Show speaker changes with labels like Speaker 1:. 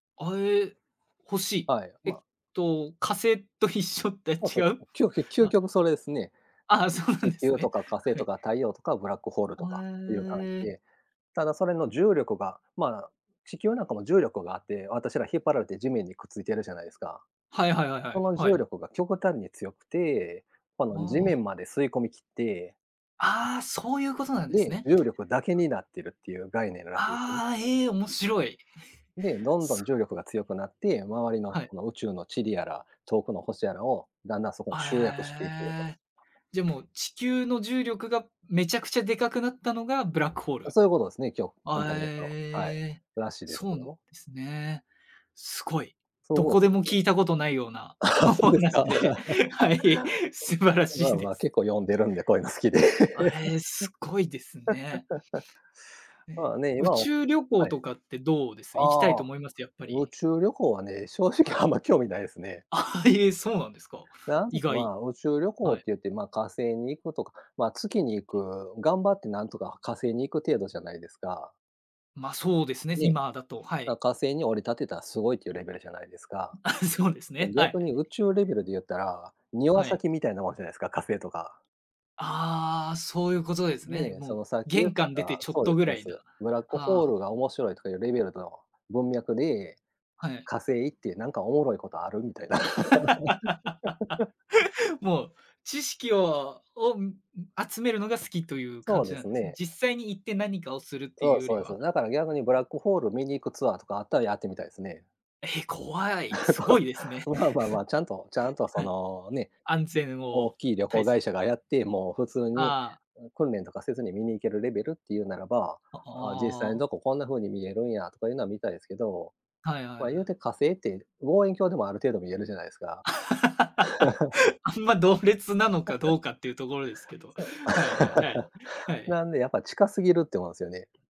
Speaker 1: あ、え、欲しい。
Speaker 2: はい、
Speaker 1: えっ
Speaker 2: ま
Speaker 1: と、火星と一緒って
Speaker 2: あ、
Speaker 1: 違
Speaker 2: そ、
Speaker 1: う？
Speaker 2: きょうきゅ究
Speaker 1: あ。
Speaker 2: 極それですね。
Speaker 1: ああ、そうなん
Speaker 2: 地
Speaker 1: です
Speaker 2: 球と
Speaker 1: ね。
Speaker 2: か火星
Speaker 1: は
Speaker 2: と
Speaker 1: い。
Speaker 2: か、太陽とかブラックホールと
Speaker 1: ほ
Speaker 2: か、っていう感じ
Speaker 1: え。
Speaker 2: で。ただそれの重力が、まあ、地球なんかも重力があって、私ら引っ張られて、地面にくっついてるじゃないですか。
Speaker 1: はいはいはいは
Speaker 2: そ
Speaker 1: い、
Speaker 2: の
Speaker 1: は
Speaker 2: 重
Speaker 1: い。
Speaker 2: 力が極端に強くて、こ
Speaker 1: あ
Speaker 2: の地
Speaker 1: あ。
Speaker 2: 面まで吸い込みきって、
Speaker 1: ああ、そういうことなん
Speaker 2: うん、
Speaker 1: です
Speaker 2: で、
Speaker 1: ね。
Speaker 2: 重力だけになってる、っていう概念らしいんすね。
Speaker 1: ああ、ええ、面白い。
Speaker 2: で、どんど
Speaker 1: そ
Speaker 2: ん
Speaker 1: う。
Speaker 2: 重力が強くなって、周りの
Speaker 1: はい。
Speaker 2: この宇宙の塵やら、遠くの星やらを、だんだんそこに
Speaker 1: あ、
Speaker 2: 集約していってると。
Speaker 1: ええ。じゃ、もう地球の重力が、めちゃくちゃでかくなったのが、ブラックホー
Speaker 2: あ、
Speaker 1: ル。
Speaker 2: そういうことすね、今日、簡
Speaker 1: あ、
Speaker 2: 単に言うと、はい。
Speaker 1: ええ。
Speaker 2: らしいで
Speaker 1: そ
Speaker 2: す
Speaker 1: うなんで
Speaker 2: よ。
Speaker 1: すね。すごい。
Speaker 2: そう
Speaker 1: ど
Speaker 2: 思う
Speaker 1: こ
Speaker 2: し
Speaker 1: で
Speaker 2: ょ。
Speaker 1: も
Speaker 2: [unintelligible]
Speaker 1: 聞いたことないような お
Speaker 2: そうです
Speaker 1: 話
Speaker 2: か。
Speaker 1: で、はい、素晴ら し
Speaker 2: まあ
Speaker 1: い
Speaker 2: ま
Speaker 1: で
Speaker 2: あ、結
Speaker 1: す。
Speaker 2: 構読んでるんで、こういうの好きで。
Speaker 1: あ、ええ、すごいですね。
Speaker 2: ま
Speaker 1: ね、
Speaker 2: あ、ね、
Speaker 1: 宇
Speaker 2: 今を
Speaker 1: 宙旅行
Speaker 2: はい。
Speaker 1: とかってどうです。行きたい
Speaker 2: あ
Speaker 1: と
Speaker 2: あ、
Speaker 1: 思います？やっぱ
Speaker 2: 宇
Speaker 1: り。
Speaker 2: 宙旅行はね、正
Speaker 1: は
Speaker 2: 直
Speaker 1: い。
Speaker 2: あんま興味ないですね。
Speaker 1: ええ、そうなんですか。
Speaker 2: なん
Speaker 1: 意
Speaker 2: か、ま
Speaker 1: 外。
Speaker 2: あ、宇宙旅行っ
Speaker 1: はい。
Speaker 2: て言って、ま、火星に行くとか、ま、月に行く、頑張ってなんとか火星に行く程度じゃないですか？
Speaker 1: ま、そうですね、す
Speaker 2: ね。
Speaker 1: 今だと、は
Speaker 2: だ、
Speaker 1: い。
Speaker 2: 火星に降り立てた、すごいっていうレベルじゃないですか？
Speaker 1: うん、あ、そうです
Speaker 2: じゃ、
Speaker 1: ね。はい。
Speaker 2: 逆に宇宙レベルで言ったら、庭
Speaker 1: はい。
Speaker 2: 先みたいなもんじゃないすか、火星とか。
Speaker 1: ああ、そういうことですね。
Speaker 2: ね、
Speaker 1: も
Speaker 2: そ
Speaker 1: う、
Speaker 2: のさっき言っ
Speaker 1: 玄
Speaker 2: て
Speaker 1: 関出て
Speaker 2: た
Speaker 1: ちょっ
Speaker 2: そうで
Speaker 1: と
Speaker 2: す
Speaker 1: ぐ
Speaker 2: そう
Speaker 1: ら
Speaker 2: で
Speaker 1: いな。
Speaker 2: す。ブラックホー
Speaker 1: はあ。
Speaker 2: ルが面白い、とかいうレベルの文脈で、
Speaker 1: はい。
Speaker 2: 火星ってなんかおもろいことある？みたいな。
Speaker 1: もう、知識をを、うん、ん、集めるのが好きという感
Speaker 2: そう
Speaker 1: じ
Speaker 2: で
Speaker 1: なん
Speaker 2: す
Speaker 1: ですね？
Speaker 2: ね。
Speaker 1: 実際に行って何かをするってい
Speaker 2: そ
Speaker 1: う
Speaker 2: う
Speaker 1: よ
Speaker 2: そう
Speaker 1: り
Speaker 2: です
Speaker 1: は。
Speaker 2: ね。なから逆に、ブ
Speaker 1: うん。
Speaker 2: ラックホール見に行くツアーとかあったら、やってみたいすね。
Speaker 1: え、怖い。すご
Speaker 2: こ
Speaker 1: いですね。
Speaker 2: う。まあまあまあ、ちゃんとちゃん と、そ
Speaker 1: はい。
Speaker 2: のね、
Speaker 1: 安全
Speaker 2: 大
Speaker 1: を
Speaker 2: きい旅
Speaker 1: た
Speaker 2: 行
Speaker 1: いす
Speaker 2: 会社がやって、もう普通に、
Speaker 1: ああ。
Speaker 2: うん、訓練とかせずに、見に行けるレベルっていうならば、
Speaker 1: あ、
Speaker 2: ああ、実際に
Speaker 1: ああ。
Speaker 2: どこ、こんな風に見えるんや、とかいうのは見たいですけど。
Speaker 1: はいはい
Speaker 2: ま、
Speaker 1: は
Speaker 2: 言う
Speaker 1: い。
Speaker 2: て火星って、望遠鏡でもある程度、見えるじゃないすか。
Speaker 1: あんま、同列なのかど うかっていうところですけど。
Speaker 2: そう。
Speaker 1: はいはいはい。はい。
Speaker 2: なんで、やっぱ近すぎるって思うんすよね。